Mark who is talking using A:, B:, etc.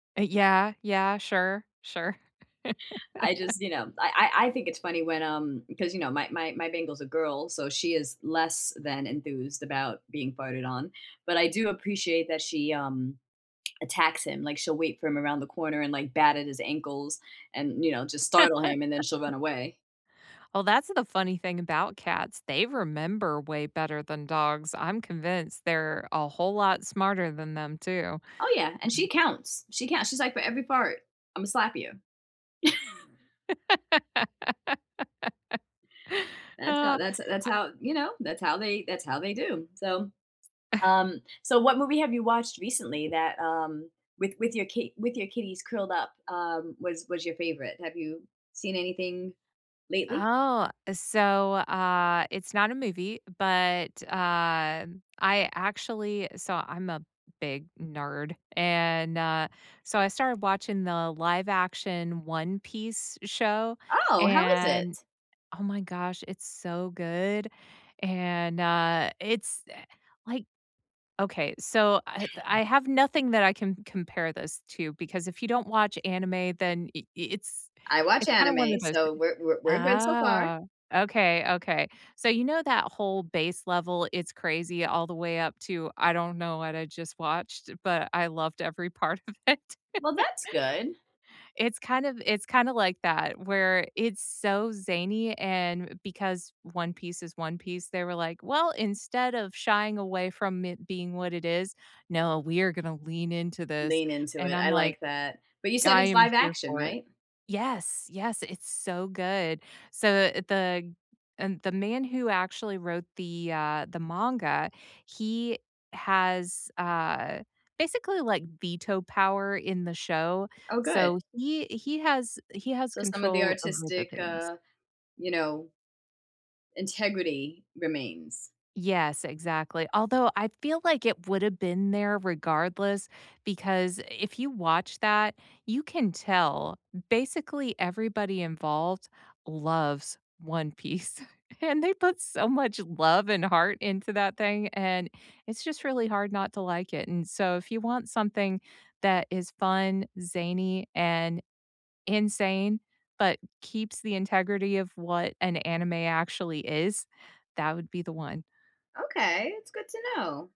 A: Eh, yeah, yeah. Sure, sure.
B: I just, you know, I I I think it's funny when, um 'cause, you know, my my my Bengal's a girl, so she is less than enthused about being farted on, but I do appreciate that she, um, attacks him, like, she'll wait for him around the corner and, like, bat at his ankles and, you know, just startle him, and then she'll run away.
A: Well, that's, uh, the funny thing about cats, they remember way better than dogs. I'm convinced they're a whole lot smarter than them too.
B: Oh, yeah, and she counts. She count she's, like, "For every part, Imma slap you." That's how
A: I
B: that's that's how, you know, that's how they that's how they do, so, um so, what movie have you watched recently that, um with with your kit with your kitties curled up, um, was was your favorite? Have you seen anything lately?
A: Oh, so, uh, it's not a movie, but, uh, I actually saw I'm a big nerd, and, uh, so I started watching the live action One Piece show,
B: Oh, how is
A: and
B: it?
A: oh, my gosh, it's so good, and, uh, it's eh, like okay, so, eh, I have nothing that I can compare this to because if you don't watch anime, then i it's
B: I watch
A: it's kinda one
B: anime,
A: of those
B: so
A: thing
B: we're we're we're good so far.
A: ah, okay, okay. So, you know that whole base level, it's crazy all the way up to, "I don't know what I just watched, but I loved every part of it."
B: Well, that's good.
A: It's kind of it's kinda like that where it's so zany and because One Piece is One Piece, they were, like, "Well, instead of shying away from it being what it is, no, we are gonna lean into this,"
B: Lean into
A: and
B: it.
A: I'm,
B: I
A: like,
B: like that. But you said
A: "I
B: it's
A: am
B: live
A: here
B: action,
A: for it."
B: right?
A: Yes. Yes, it's so good. So, the the and the man who actually wrote the, uh, the manga, he has, uh, basically, like, veto power in the show.
B: Oh, good.
A: So he he has he has
B: So, some of the
A: control over the
B: artistic,
A: things.
B: uh, you know integrity remains.
A: Yes, exactly, although, I feel like it would've been there regardless because i if you watch that, you can tell basically everybody involved loves One Piece, and they put so much love and heart into that thing, and it's just really hard not to like it, and so if you want something that is fun, zany, and insane, but keeps the integrity of what an anime actually is, that would be the one.
B: Okay. It's good to know.